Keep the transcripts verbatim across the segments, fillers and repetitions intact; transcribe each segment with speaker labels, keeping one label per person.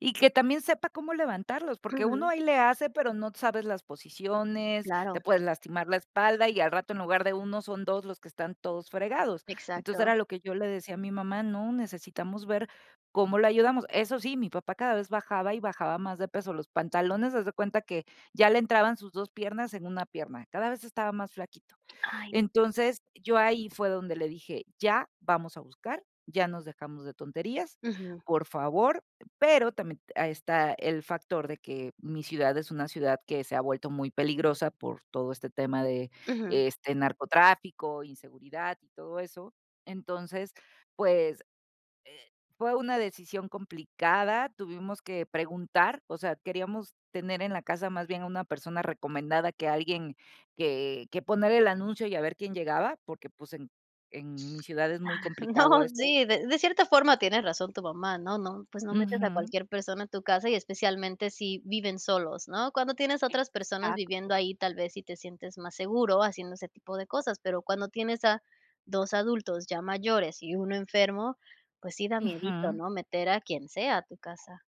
Speaker 1: Y que también sepa cómo levantarlos, porque uno
Speaker 2: Ujú.
Speaker 1: ahí le hace, pero no sabes las posiciones, te
Speaker 2: Claro.
Speaker 1: puedes lastimar la espalda y al rato en lugar de uno, son dos los que están todos fregados. Entonces,
Speaker 2: Exacto.
Speaker 1: era lo que yo le decía a mi mamá: “No, necesitamos ver cómo lo ayudamos”. Eso sí, mi papá cada vez bajaba y bajaba más de peso. Los pantalones, haz de cuenta que ya le entraban sus dos piernas en una pierna, cada vez estaba más flaquito.
Speaker 2: Ay.
Speaker 1: Entonces, yo ahí fue donde le dije: “Ya, vamos a buscar, ya nos dejamos de tonterías,
Speaker 2: Ujú.
Speaker 1: por favor”. Pero también a está el factor de que mi ciudad es una ciudad que se ha vuelto muy peligrosa por todo este tema de,
Speaker 2: Ujú.
Speaker 1: este, narcotráfico, inseguridad y todo eso. Entonces, pues, eh, fue una decisión complicada, tuvimos que preguntar. O sea, queríamos tener en la casa más bien a una persona recomendada que alguien que que poner el anuncio y a ver quién llegaba, porque, pues, en en mi ciudad es
Speaker 2: Ah.
Speaker 1: muy
Speaker 2: No,
Speaker 1: complicado eso.
Speaker 2: sí, de de cierta forma tiene razón tu mamá, ¿no? No, pues no metes a
Speaker 1: Ujú.
Speaker 2: cualquier persona a tu casa y especialmente si viven solos, ¿no? Cuando tienes a otras personas viviendo
Speaker 1: Exacto.
Speaker 2: ahí, tal vez sí te sientes más seguro haciendo ese tipo de cosas, pero cuando tienes a dos adultos ya mayores y uno enfermo, pues sí da miedito,
Speaker 1: Ujú.
Speaker 2: ¿no?, meter a quien sea a tu casa.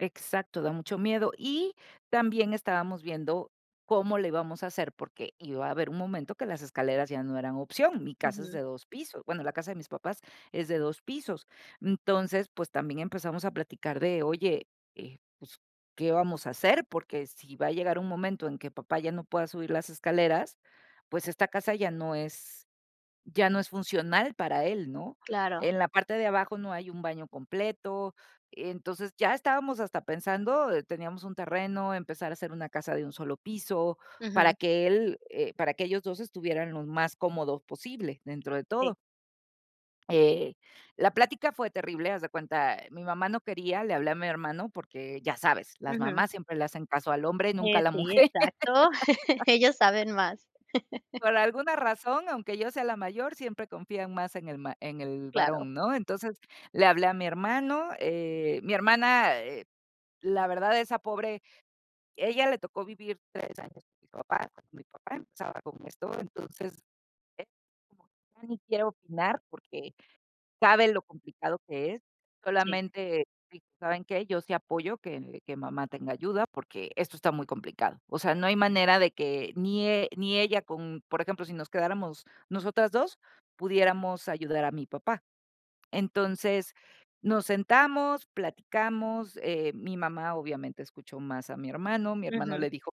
Speaker 1: Exacto, da mucho miedo. Y también estábamos viendo cómo le íbamos a hacer, porque iba a haber un momento que las escaleras ya no eran opción, mi casa es de
Speaker 2: Ujú.
Speaker 1: dos pisos, bueno, la casa de mis papás es de dos pisos. Entonces, pues, también empezamos a platicar de: "Oye, eh, pues, ¿qué vamos a hacer? Porque sí va a llegar un momento en que papá ya no pueda subir las escaleras, pues esta casa ya no es ya no es funcional para él, ¿no?
Speaker 2: Claro.
Speaker 1: En la parte de abajo no hay un baño completo. Entonces, ya estábamos hasta pensando teníamos un terreno, en empezar a hacer una casa de un solo piso para
Speaker 2: Ujú.
Speaker 1: que él, eh, para que ellos dos estuvieran lo más cómodos posible dentro de todo.
Speaker 2: Sí.
Speaker 1: Eh, la plática fue terrible, haz de cuenta, mi mamá no quería, le hablé a mi hermano porque, ya sabes, las
Speaker 2: Ujú.
Speaker 1: mamás siempre le hacen caso al hombre, nunca a
Speaker 2: Eh,
Speaker 1: la
Speaker 2: sí,
Speaker 1: mujer.
Speaker 2: exacto, ellos saben más.
Speaker 1: Por alguna razón, aunque yo sea la mayor, siempre confían más en el ma en el
Speaker 2: Claro.
Speaker 1: varón, ¿no? Entonces, le hablé a mi hermano, eh, mi hermana, eh, la verdad, esa pobre, ella le tocó vivir tres años con mis papás, cuando mi papá empezaba con esto, entonces, eh, ya ni quiero opinar, porque sabe lo complicado que es,
Speaker 2: Sí.
Speaker 1: solamente, dije: “¿Saben qué? Yo sí apoyo que que mamá tenga ayuda porque esto está muy complicado. O sea, no hay manera de que ni e ni ella con, por ejemplo, si nos quedáramos nosotras dos, pudiéramos ayudar a mi papá." Entonces, nos sentamos, platicamos, eh, mi mamá obviamente escuchó más a mi hermano, mi hermano
Speaker 2: Ujú.
Speaker 1: le dijo que